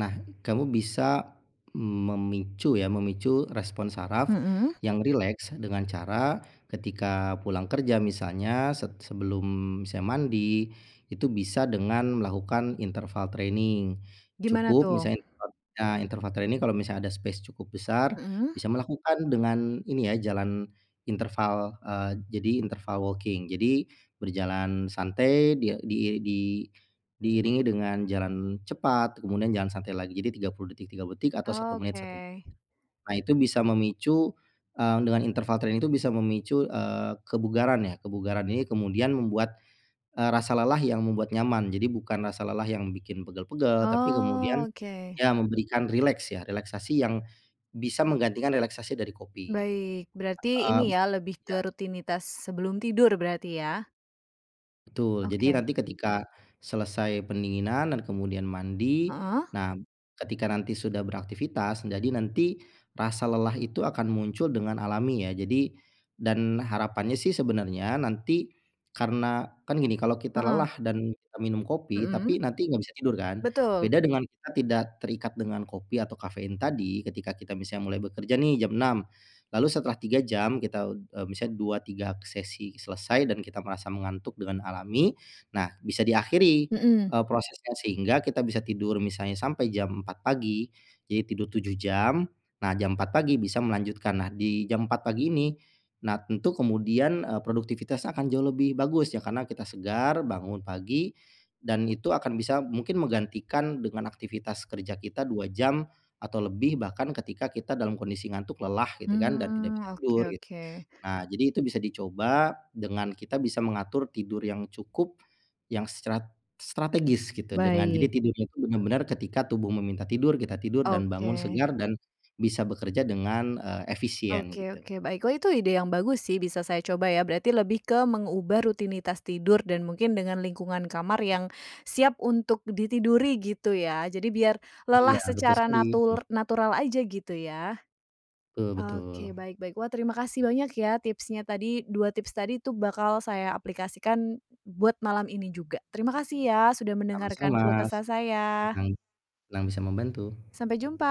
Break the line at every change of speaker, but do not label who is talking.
Nah, kamu bisa memicu ya, memicu respon saraf
Mhm.
yang rileks dengan cara ketika pulang kerja misalnya se sebelum misalnya mandi, itu bisa dengan melakukan interval training,
Gimana
cukup
tuh?
misalnya interva nah interval training, kalau misalnya ada space cukup besar,
Mhm.
bisa melakukan dengan ini ya jalan interval, eee, jadi interval walking, jadi berjalan santai di-di di diiringi dengan jalan cepat kemudian jalan santai lagi. Jadi 30 detik, 30 detik, atau 1 menit
Oke.
1 menit. Nah, itu bisa memicu, mmm, dengan interval training itu bisa memicu, eee, kebugaran ya, kebugaran ini kemudian membuat, eee, rasa lelah yang membuat nyaman. Jadi bukan rasa lelah yang bikin pegel-pegel, tapi kemudian,
Oke.
ya memberikan rileks ya relaksasi yang bisa menggantikan relaksasi dari kopi,
Baik, berarti
mhm,
ini ya lebih
iya.
ke rutinitas sebelum tidur berarti ya?
Betul, jadi
Oke.
nanti ketika selesai pendinginan dan kemudian mandi.
Heeh.
Nah, ketika nanti sudah beraktivitas, jadi nanti rasa lelah itu akan muncul dengan alami ya. Jadi dan harapannya sih sebenarnya nanti karena kan gini kalau kita
Heeh.
lelah dan minum kopi tapi
Mhm,
nanti enggak bisa tidur kan?
betul.
Beda dengan kita tidak terikat dengan kopi atau kafein tadi, ketika kita misalnya mulai bekerja nih jam 6.00, lalu setelah 3 jam kita, eee, misalnya 2, 3 sesi selesai dan kita merasa mengantuk dengan alami. Nah, bisa diakhiri,
Mhm.
eee, prosesnya, sehingga kita bisa tidur misalnya sampai jam 4.00 pagi, jadi tidur 7 jam. Nah, jam 4.00 pagi bisa melanjutkan. Nah, di jam 4.00 pagi ini, nah tentu kemudian, eee, produktivitas akan jauh lebih bagus, ya karena kita segar bangun pagi dan itu akan bisa mungkin menggantikan dengan aktivitas kerja kita 2 jam, atau lebih bahkan ketika kita dalam kondisi ngantuk lelah gitu kan dan tidak
Mhm,
bisa
oke,
tidur gitu.
oke.
Nah, jadi itu bisa dicoba dengan kita bisa mengatur tidur yang cukup yang stra strategis gitu dengan jadi
Baik.
tidurnya itu benar-benar ketika tubuh meminta tidur, kita tidur dan bangun
Oke.
segar dan bisa bekerja dengan, eee, efisien,
Oke
gitu.
oke, baik. Wah itu ide yang bagus sih, bisa saya coba ya, berarti lebih ke mengubah rutinitas tidur dan mungkin dengan lingkungan kamar yang siap untuk ditiduri gitu ya. Jadi biar
Iya,
lelah
betul
secara
sekali. Mhm.
natur natural aja gitu ya?
Betul
Oke,
betul.
baik baik. Wah terima kasih banyak ya tipsnya tadi, 2 tips tadi itu bakal saya aplikasikan, buat malam ini juga. Terima kasih ya, sudah mendengarkan
Sama-sama,
keluh kesah saya.
senang, senang bisa membantu.
Sampai jumpa.